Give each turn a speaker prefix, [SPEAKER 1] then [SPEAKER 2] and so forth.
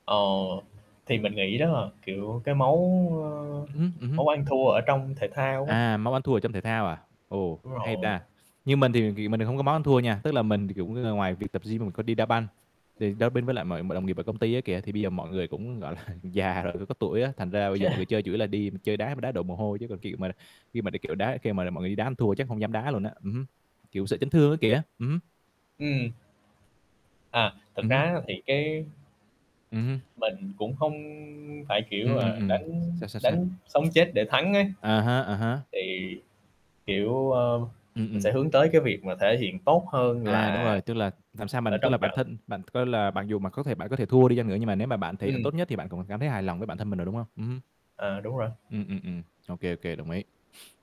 [SPEAKER 1] Ờ, thì mình nghĩ đó là, kiểu, cái máu, ơ,
[SPEAKER 2] Ừm hứm, ừm hứm.
[SPEAKER 1] máu ăn thua ở trong thể thao á.
[SPEAKER 2] À, máu ăn thua ở trong thể thao à? Ồ,
[SPEAKER 1] Đúng
[SPEAKER 2] hay
[SPEAKER 1] rồi.
[SPEAKER 2] ta! Nhưng mình thì ghì mình lại không có máu ăn thua nha, tức là mình thì cũng ng ngoài việc tập gym thì mình có đi đá banh, đề đá binh với lại mọi mọi đồng nghiệp ở công ty á, kìa. Thì bây giờ mọi người cũng, gọi là, già rồi với có tuổi á, thành ra bây giờ mọi người
[SPEAKER 1] [unintelligible]
[SPEAKER 2] chơi chủ yếu là đi chơi đá, mà đá đổ mồ hôi chứ còn, kiểu, mà khi mà đi, kiểu, đá kêu mà mọi người đi đá ăn thua chắc không dám đá luôn á. Ừm hứm, kiểu, sợ chấn thương á, kìa, ừm hứm.
[SPEAKER 1] Ừm. À! Thực
[SPEAKER 2] Ừm
[SPEAKER 1] ra,
[SPEAKER 2] hứm.
[SPEAKER 1] á, thì cái
[SPEAKER 2] Ừm hưm.
[SPEAKER 1] Mình cũng không phải, kiểu
[SPEAKER 2] Ừm, ừm,
[SPEAKER 1] là,
[SPEAKER 2] ừm,
[SPEAKER 1] đánh
[SPEAKER 2] sao, sao, sao?
[SPEAKER 1] đánh sống chết để thắng á.
[SPEAKER 2] À ha, à há.
[SPEAKER 1] Thì, kiểu, ờ,
[SPEAKER 2] Ừm,
[SPEAKER 1] mình
[SPEAKER 2] ừm.
[SPEAKER 1] sẽ hướng tới cái việc mà thể hiện tốt hơn
[SPEAKER 2] À, đúng
[SPEAKER 1] là
[SPEAKER 2] rồi, tức là, làm sao
[SPEAKER 1] ở
[SPEAKER 2] mình tức
[SPEAKER 1] trong
[SPEAKER 2] là bản
[SPEAKER 1] trận.
[SPEAKER 2] thân bạn coi là mặc dù mặc có thể bạn có thể thua đi chăng nữa nhưng mà nếu mà bạn thể hiện
[SPEAKER 1] Ừm.
[SPEAKER 2] tốt nhất thì bạn cũng có cảm thấy hài lòng với bản thân mình rồi, đúng không? Ừm hứm.
[SPEAKER 1] À, đúng rồi.
[SPEAKER 2] Ừm, ừm, ừm, ô kê, ô kê, đồng ý.